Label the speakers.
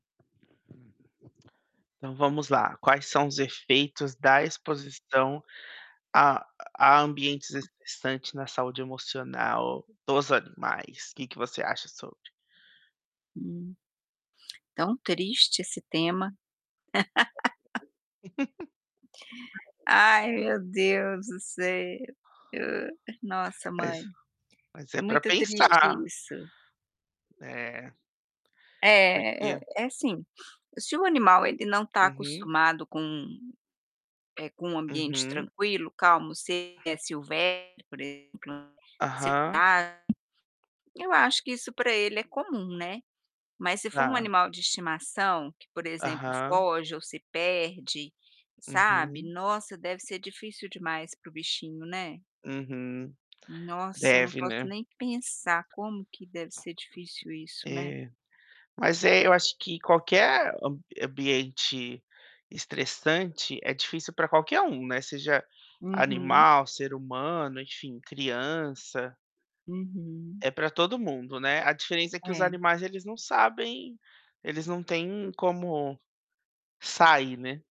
Speaker 1: Então, vamos lá, quais são os efeitos da exposição a a ambientes estressantes na saúde emocional dos animais? O que que você acha sobre?
Speaker 2: Hum. Tão triste esse tema.
Speaker 1: Uhum.
Speaker 2: Ai, meu Deus do céu. Nossa,
Speaker 1: Mas
Speaker 2: mãe.
Speaker 1: mas
Speaker 2: É
Speaker 1: é pra
Speaker 2: muito triste
Speaker 1: pensar.
Speaker 2: isso.
Speaker 1: É.
Speaker 2: É, é
Speaker 1: Porque
Speaker 2: é assim, se o animal, ele não tá
Speaker 1: Uhum.
Speaker 2: acostumado com, eh, com um ambiente
Speaker 1: Uhum.
Speaker 2: tranquilo, calmo, se ele é silvestre, por exemplo, sei
Speaker 1: Aham.
Speaker 2: lá, eh, eu acho que isso pra ele é comum, né. Mas se for um
Speaker 1: Tá.
Speaker 2: animal de estimação, que, por exemplo,
Speaker 1: Aham.
Speaker 2: foge ou se perde, sabe,
Speaker 1: Uhum.
Speaker 2: nossa, deve ser difícil demais para o bichinho, né.
Speaker 1: Uhum.
Speaker 2: Nossa, eu não
Speaker 1: Deve,
Speaker 2: posso
Speaker 1: né?
Speaker 2: nem pensar como que deve ser difícil isso, né.
Speaker 1: É. Mas é eu acho que qualquer am ambiente estressante é difícil pra qualquer um, né, seja
Speaker 2: Uhum.
Speaker 1: animal, ser humano enfim, criança
Speaker 2: Uhum.
Speaker 1: é pra todo mundo, né, a diferença é que os
Speaker 2: É.
Speaker 1: animais, eles não sabem, eles não têm como sair, né.